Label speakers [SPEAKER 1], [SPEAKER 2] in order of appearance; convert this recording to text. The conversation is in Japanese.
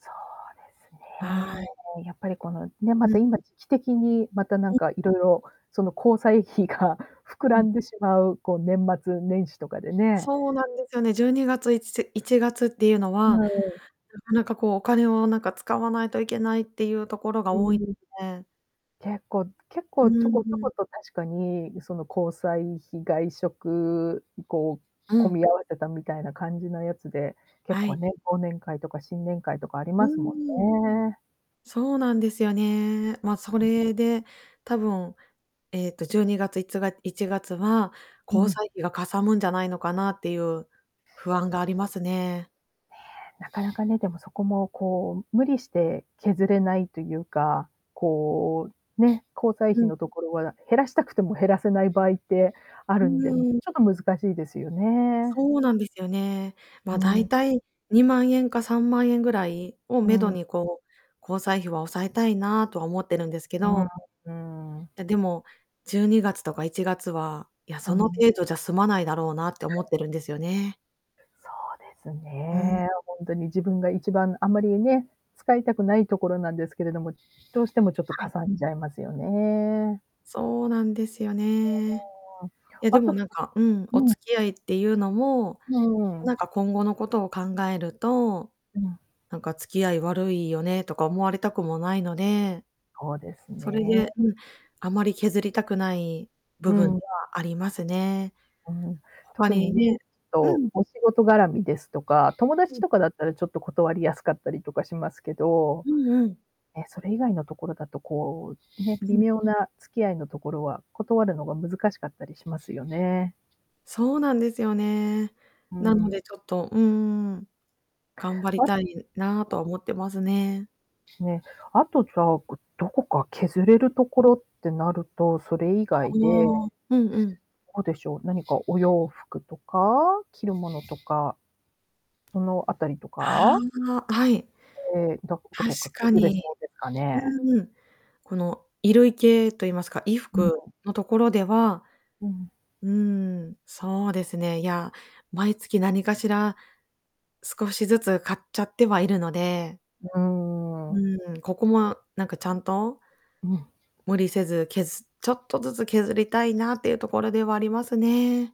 [SPEAKER 1] そうです
[SPEAKER 2] は
[SPEAKER 1] ね。
[SPEAKER 2] い。
[SPEAKER 1] やっぱりこの、ね、ま
[SPEAKER 2] うん。
[SPEAKER 1] た今時期的に、また、なん
[SPEAKER 2] うん。
[SPEAKER 1] かいろいろ、その交際費が膨
[SPEAKER 2] う
[SPEAKER 1] ら
[SPEAKER 2] ん。
[SPEAKER 1] んでしまう、こう、年末年始とかでね。
[SPEAKER 2] そうなんですよね。12月、いつ1月っていうの
[SPEAKER 1] う
[SPEAKER 2] は
[SPEAKER 1] ん。
[SPEAKER 2] なかなかこうお金をなんか使わないといけないっていうところが
[SPEAKER 1] う
[SPEAKER 2] 多い
[SPEAKER 1] ん。
[SPEAKER 2] で。
[SPEAKER 1] 結構結
[SPEAKER 2] う
[SPEAKER 1] 構ちょ
[SPEAKER 2] ん
[SPEAKER 1] こちょ
[SPEAKER 2] うん。
[SPEAKER 1] こと確かに、その、交際費、外食、こ
[SPEAKER 2] う
[SPEAKER 1] う、込
[SPEAKER 2] ん。
[SPEAKER 1] み合わせたみたいな感じのやつで、結
[SPEAKER 2] は
[SPEAKER 1] 構
[SPEAKER 2] い。
[SPEAKER 1] ね、忘年会とか新年会とかあり
[SPEAKER 2] う
[SPEAKER 1] ますも
[SPEAKER 2] ーん。
[SPEAKER 1] んね。
[SPEAKER 2] そうなんですよね。まあ、それで多分、えっと、12月、いつが1月は
[SPEAKER 1] う
[SPEAKER 2] 交
[SPEAKER 1] ん。
[SPEAKER 2] 際費がかさむんじゃないのかなっていう不安がありますね。
[SPEAKER 1] ね、なかなかね、でもそこも、こう、無理して削れないというか、こう、ね、交際
[SPEAKER 2] う
[SPEAKER 1] 費
[SPEAKER 2] ん。
[SPEAKER 1] のところは減らしたくても減らせない場合ってあ
[SPEAKER 2] う
[SPEAKER 1] るんで、ちょ
[SPEAKER 2] ーん。
[SPEAKER 1] っと難しいですよね。
[SPEAKER 2] そうなんですよね。ま
[SPEAKER 1] う
[SPEAKER 2] あ、大
[SPEAKER 1] ん。
[SPEAKER 2] 体2万円か、3万円ぐらいを
[SPEAKER 1] う
[SPEAKER 2] 目処
[SPEAKER 1] ん。
[SPEAKER 2] に、こう、交際費は抑えたいなとは思ってるんですけ
[SPEAKER 1] う
[SPEAKER 2] ど。
[SPEAKER 1] ん、うん。
[SPEAKER 2] ででも、12月とか、1月は、いや、
[SPEAKER 1] う
[SPEAKER 2] その
[SPEAKER 1] ん。
[SPEAKER 2] 程度じゃ済まないだろうなって思ってるんですよね。
[SPEAKER 1] そうです
[SPEAKER 2] うん。
[SPEAKER 1] ね、ほんとに自分が一番あまりね、使いたくないところなんですけれども、どうしてもちょっと
[SPEAKER 2] は
[SPEAKER 1] か
[SPEAKER 2] い。
[SPEAKER 1] さんじゃいますよね。
[SPEAKER 2] そうなんですよね。え、で
[SPEAKER 1] あと、
[SPEAKER 2] も
[SPEAKER 1] さ
[SPEAKER 2] なん
[SPEAKER 1] っ
[SPEAKER 2] か、うん、お
[SPEAKER 1] うん。
[SPEAKER 2] 付き合いっていうのも、
[SPEAKER 1] うんう
[SPEAKER 2] な
[SPEAKER 1] ん。
[SPEAKER 2] んか今後のことを考えると、
[SPEAKER 1] うん。
[SPEAKER 2] なんか「付き合い悪いよね」とか思われたくもないので。
[SPEAKER 1] そうです
[SPEAKER 2] それ
[SPEAKER 1] ね。
[SPEAKER 2] で、うん、あまり削りたくない部
[SPEAKER 1] う
[SPEAKER 2] 分で
[SPEAKER 1] ん。
[SPEAKER 2] はありますね。
[SPEAKER 1] うん、
[SPEAKER 2] 他
[SPEAKER 1] 特に
[SPEAKER 2] に
[SPEAKER 1] ね、ちょ
[SPEAKER 2] ね
[SPEAKER 1] っ
[SPEAKER 2] う
[SPEAKER 1] と
[SPEAKER 2] ん。
[SPEAKER 1] お仕事がらみですとか、友
[SPEAKER 2] う
[SPEAKER 1] 達
[SPEAKER 2] ん。
[SPEAKER 1] とかだったらちょっと断りやすかったりとかしますけど、
[SPEAKER 2] うんうん。
[SPEAKER 1] ね、それ以外のところだとこう、ね、
[SPEAKER 2] う
[SPEAKER 1] 微
[SPEAKER 2] ん。
[SPEAKER 1] 妙な付き合いのところは、断るのが難しかったりしますよね。
[SPEAKER 2] そうなんですよね。
[SPEAKER 1] う
[SPEAKER 2] なの
[SPEAKER 1] ん。
[SPEAKER 2] でちょっと、うん。頑張り
[SPEAKER 1] わ
[SPEAKER 2] たいなとは思ってますね。
[SPEAKER 1] ね、あとじゃあ、ぐどこか削れるところってなると、それ以
[SPEAKER 2] あ
[SPEAKER 1] 外で、
[SPEAKER 2] あ、うんうん。
[SPEAKER 1] どうでしょう、何かお洋服とか着るものとか。そのあたりと
[SPEAKER 2] あ
[SPEAKER 1] か。
[SPEAKER 2] あ、はい。
[SPEAKER 1] ええ、どこど
[SPEAKER 2] 確
[SPEAKER 1] こか
[SPEAKER 2] か
[SPEAKER 1] 削れ
[SPEAKER 2] に。
[SPEAKER 1] そうですかね。
[SPEAKER 2] うーん。この衣類系と言いますか、衣
[SPEAKER 1] う
[SPEAKER 2] 服
[SPEAKER 1] ん。
[SPEAKER 2] のところでは。
[SPEAKER 1] うん。
[SPEAKER 2] うん、そうですね。いや、毎月何かしら少しずつ買っちゃってはいるので。
[SPEAKER 1] うーん。
[SPEAKER 2] うん、ここもあなんかちゃんと、
[SPEAKER 1] うん。
[SPEAKER 2] 無理せず削っちょっとずつ削りたいなっていうところではありますね。